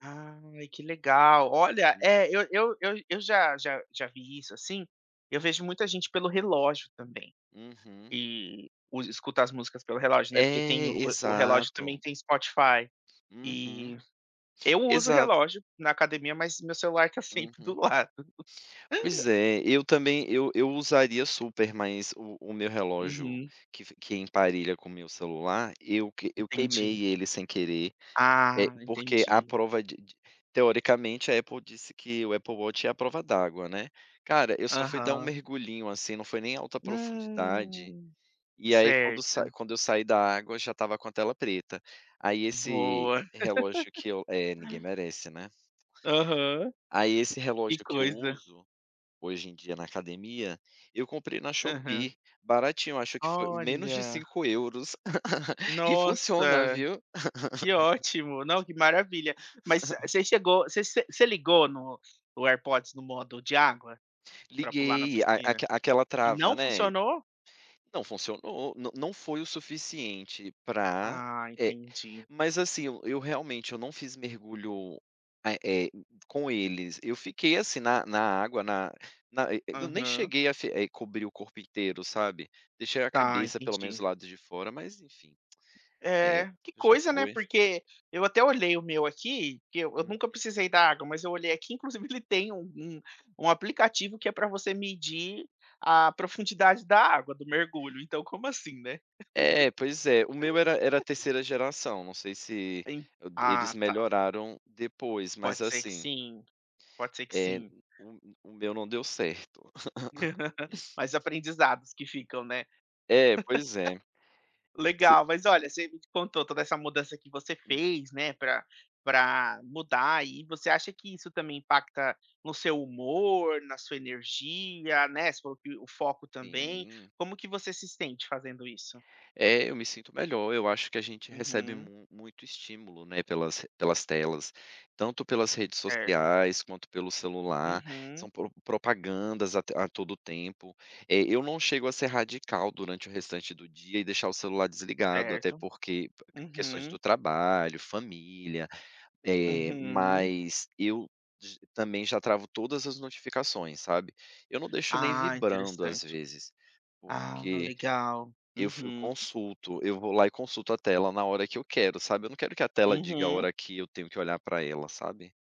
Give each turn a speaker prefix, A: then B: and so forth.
A: Ai, que legal. Olha, eh, eu eu eu eu já já já vi isso, assim, eu vejo muita gente pelo relógio também.
B: Uhum.
A: Que usa escuta as músicas pelo relógio, né, porque tem o
B: É,
A: o o relógio também
B: exato.
A: tem Spotify,
B: Uhum.
A: e eu uso
B: Exato.
A: relógio na academia, mas meu celular tá sempre do
B: Uhum.
A: lado.
B: Pois é, eu também, eu eu usaria super, mas o o meu relógio
A: Uhum.
B: que f que emparelha com meu celular, eu que eu
A: Entendi.
B: queimei ele sem querer. Eh,
A: Ah,
B: porque à
A: entendi.
B: prova de de teoricamente, a Apple disse que o Apple Watch é à prova d'água, né. Cara, eu só fui dar um
A: Aham.
B: mergulhinho, assim, não foi nem alta profundidade,
A: Hum.
B: e aí quando sai
A: Certa.
B: quando eu saí da água, já estava com a tela preta. Aí esse
A: Boa.
B: relógio que eu é, ninguém merece, né.
A: Aham.
B: Aí esse
A: Que
B: relógio que eu
A: coisa.
B: uso, hoje em dia, na academia, eu comprei na
A: Aham.
B: Shopee. Baratinho, eu acho que fo menos de
A: Olha.
B: 5 €. E funciona,
A: Nossa,
B: viu.
A: que ótimo. Não, que maravilha. Mas você chegou você você você ligou no o AirPods no modo de água pra pular na
B: Liguei, a
A: piscina.
B: aque aquela
A: E
B: trava,
A: não
B: né.
A: funcionou?
B: Não funcionou, não não foi o suficiente pra,
A: Ah,
B: eh,
A: entendi.
B: mas assim, eu eu realmente, eu não fiz mergulho, eh eh, com eles. Eu fiquei, assim, na na água, na na e eu nem
A: Aham.
B: cheguei a fe eh, cobrir o corpo inteiro, sabe. Deixei a
A: Tá,
B: cabeça, pelo menos,
A: entendi.
B: do lado de fora, mas enfim. É,
A: É. Que
B: já
A: coisa, né,
B: foi.
A: porque eu até olhei o meu aqui, que eu eu
B: Uhum.
A: nunca precisei da água, mas eu olhei aqui, inclusive que ele tem um um um aplicativo que é pra você medir a profundidade da água do mergulho, então, como assim, né.
B: É, pois é. O meu era era 3ª geração, não sei se
A: En
B: o d eles
A: ah, tá.
B: melhoraram depois, mas
A: Pode ser que
B: assim
A: sim. Pode ser que
B: eh,
A: sim.
B: o o meu não deu certo.
A: Mais aprendizados que ficam, né.
B: É, pois é. Se
A: Legal, mas olha, você me contou toda essa mudança que você
B: Hum.
A: fez, né, pra pra mudar, e você acha que isso também impacta no seu humor, na sua energia, né, sob o foco também.
B: Sim.
A: Como que você se sente fazendo isso?
B: É, eu me sinto melhor, eu acho que a gente recebe
A: Uhum.
B: mu muito estímulo, né, pelas r pelas telas, tanto pelas redes
A: Certo.
B: sociais, quanto pelo celular,
A: Uhum.
B: são pro propagandas a t a todo o tempo. Eh, eu não chego a ser radical, durante o restante do dia, e deixar o celular desligado, até
A: Certo.
B: porque p q questões
A: Uhum.
B: do trabalho, família, eh,
A: Uhum.
B: mas eu g também já travo todas as notificações, sabe. Eu não deixo nem
A: Ah,
B: vibrando, às
A: interessante.
B: vezes,
A: Ah,
B: porque
A: legal.
B: eu fi eu
A: Uhum.
B: consulto, eu vou lá e consulto a tela na hora que eu quero, sabe, eu não quero que a tela diga a
A: Uhum.
B: hora que eu tenho que olhar para ela, sabe.